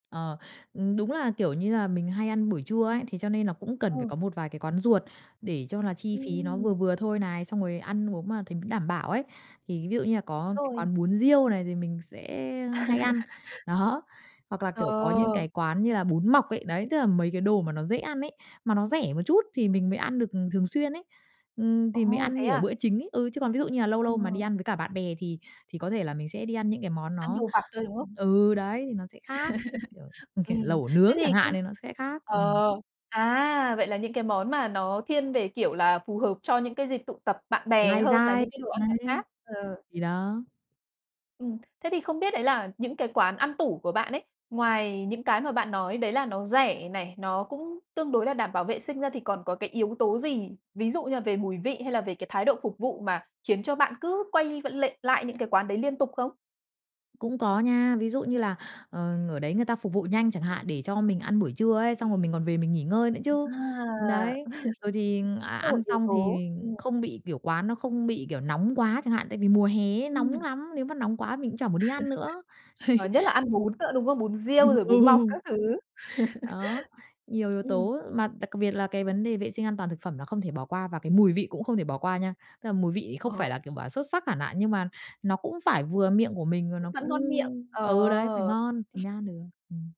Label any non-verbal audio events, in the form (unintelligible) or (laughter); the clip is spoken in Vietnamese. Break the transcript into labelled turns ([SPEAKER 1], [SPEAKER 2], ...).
[SPEAKER 1] Ờ, ừm, đúng là, kiểu như là, mình hay ăn buổi trưa ấy, thế cho nên là cũng cần phải
[SPEAKER 2] Ừ.
[SPEAKER 1] có một vài cái quán ruột để cho là chi phí nó
[SPEAKER 2] Ừm.
[SPEAKER 1] vừa vừa thôi này, xong rồi ăn uống mà thấy đảm bảo ấy. Thì ví dụ như là có cái
[SPEAKER 2] Rồi.
[SPEAKER 1] quán bún riêu này, thì mình sẽ hay ăn,
[SPEAKER 2] (chuckles)
[SPEAKER 1] đó. Hoặc là, kiểu, có những
[SPEAKER 2] Ồ.
[SPEAKER 1] cái quán như là bún mọc ấy, đấy, tức là mấy cái đồ mà nó dễ ăn ấy, mà nó rẻ một chút thì mình mới ăn được thường xuyên ấy. Ừm, thì mình
[SPEAKER 2] Ồ,
[SPEAKER 1] ăn
[SPEAKER 2] thế
[SPEAKER 1] như, kiểu,
[SPEAKER 2] à?
[SPEAKER 1] bữa chính ấy. Ừ, chứ còn ví dụ như là lâu lâu mà đi
[SPEAKER 2] Ờ.
[SPEAKER 1] ăn với cả bạn bè thì thì có thể là mình sẽ đi ăn những cái món
[SPEAKER 2] Ăn
[SPEAKER 1] nó
[SPEAKER 2] đồ vặt thôi, đúng không?
[SPEAKER 1] ừ, đấy thì nó sẽ khác, như kiểu,
[SPEAKER 2] (chuckles)
[SPEAKER 1] ừm, kiểu,
[SPEAKER 2] Ừm,
[SPEAKER 1] lẩu
[SPEAKER 2] thế
[SPEAKER 1] nướng
[SPEAKER 2] thì
[SPEAKER 1] chẳng hạn
[SPEAKER 2] không
[SPEAKER 1] thì nó sẽ khác,
[SPEAKER 2] ờ,
[SPEAKER 1] ừm.
[SPEAKER 2] à, vậy là những cái món mà nó thiên về, kiểu là, phù hợp cho những cái dịp tụ tập bạn bè
[SPEAKER 1] Lai
[SPEAKER 2] hơn là
[SPEAKER 1] rai.
[SPEAKER 2] những cái đồ ăn vặt
[SPEAKER 1] Đấy.
[SPEAKER 2] khác, ừ.
[SPEAKER 1] Thì đó.
[SPEAKER 2] Ừm, thế thì không biết đấy là những cái quán ăn tủ của bạn ấy, ngoài những cái mà bạn nói đấy là nó rẻ này, nó cũng tương đối là đảm bảo vệ sinh ra thì còn có cái yếu tố gì, ví dụ như là về mùi vị hay là về cái thái độ phục vụ mà khiến cho bạn cứ quay v lệ lại những cái quán đấy liên tục không?
[SPEAKER 1] Cũng có nha, ví dụ như là, ờ, ở đấy người ta phục vụ nhanh chẳng hạn, để cho mình ăn buổi trưa ấy, xong rồi mình còn về mình nghỉ ngơi nữa
[SPEAKER 2] À,
[SPEAKER 1] chứ.
[SPEAKER 2] (chuckles)
[SPEAKER 1] Đấy, rồi thì
[SPEAKER 2] (unintelligible)
[SPEAKER 1] ăn
[SPEAKER 2] là một
[SPEAKER 1] ăn
[SPEAKER 2] yếu
[SPEAKER 1] xong
[SPEAKER 2] tố,
[SPEAKER 1] thì
[SPEAKER 2] ừm.
[SPEAKER 1] không bị kiểu, quán nó không bị, kiểu, nóng quá chẳng hạn, tại vì mùa hè ấy nóng
[SPEAKER 2] Ừm.
[SPEAKER 1] lắm, nếu mà nóng quá mình cũng chả muốn đi ăn nữa,
[SPEAKER 2] (chuckles)
[SPEAKER 1] ấy.
[SPEAKER 2] Ờ, nhất là ăn bún nữa, đúng không? Bún
[SPEAKER 1] Ừm,
[SPEAKER 2] riêu rồi
[SPEAKER 1] ừ.
[SPEAKER 2] bún mọc các thứ. (chuckles)
[SPEAKER 1] Đó, nhiều yếu
[SPEAKER 2] Ừm.
[SPEAKER 1] tố, mà đặc biệt là cái vấn đề vệ sinh an toàn thực phẩm là không thể bỏ qua, và cái mùi vị cũng không thể bỏ qua nha. Tức là mùi vị không phải
[SPEAKER 2] Ồ.
[SPEAKER 1] là, kiểu, bảo là xuất sắc hẳn hạn, nhưng mà nó cũng phải vừa miệng của mình và
[SPEAKER 2] Cũng
[SPEAKER 1] nó
[SPEAKER 2] vẫn
[SPEAKER 1] cũng
[SPEAKER 2] ngon miệng, ồ!
[SPEAKER 1] ừ, đấy, phải ngon thì mới ăn được, ừm.